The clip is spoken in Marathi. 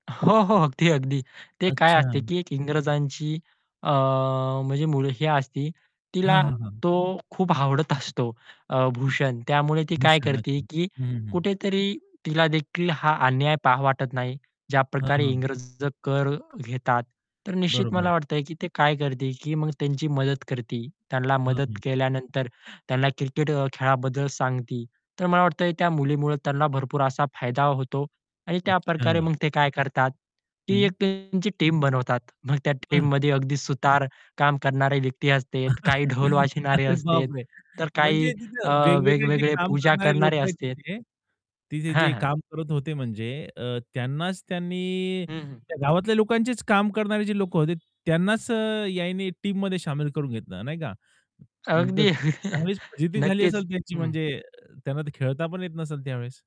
हो, हो. अगदी, अगदी. ते काय असते अच्छा. की एक इंग्रजांची अ, म्हणजे मुलगी असते, तिला हां, हां, हां. तो खूप आवडत असतो अ, भूषण त्यामुळे ती काय भूषण, करते अच्छा. की हं, हं, हं. कुठेतरी तिला देखील हा अन्याय पाहू वाटत नाही. हां, ज्याप्रकारे हां. इंग्रज कर घेतात. तर निश्चित मला बरोबर. वाटतंय की ती काय करते की मग त्यांची मदत करते, त्यांना हं, मदत हं. केल्यानंतर, त्यांना क्रिकेट खेळाबद्दल सांगते. तर मला वाटत त्या मुलीमुळं त्यांना भरपूर असा फायदा होतो आणि त्या अच्छा. प्रकारे मग ते काय करतात की एक हं. त्यांची टीम बनवतात. मग त्या बरं. टीममध्ये अगदी सुतार काम करणारे व्यक्ती असते, काही ढोल वाचणारे अरे असते, बापरे! तर काही म्हणजे अ, तिथं वेगवेगळे जे वेगवेगळे काम पूजा करणारे करणारे लोकं आहेत असते. तिथे तिथे हां, जे हां. काम करत होते म्हणजे अ, त्यांनाच त्यांनी हं, हं. गावातल्या लोकांचेच काम करणारे जे लोक होते त्यांनाच यांनी टीममध्ये शामिल करून घेतलं नाही का? मग तर अगदी. चांगलीच फजिती झाली नक्कीच, असेल त्यांची हं. म्हणजे त्यांना खेळता पण येत नसेल त्यावेळेस?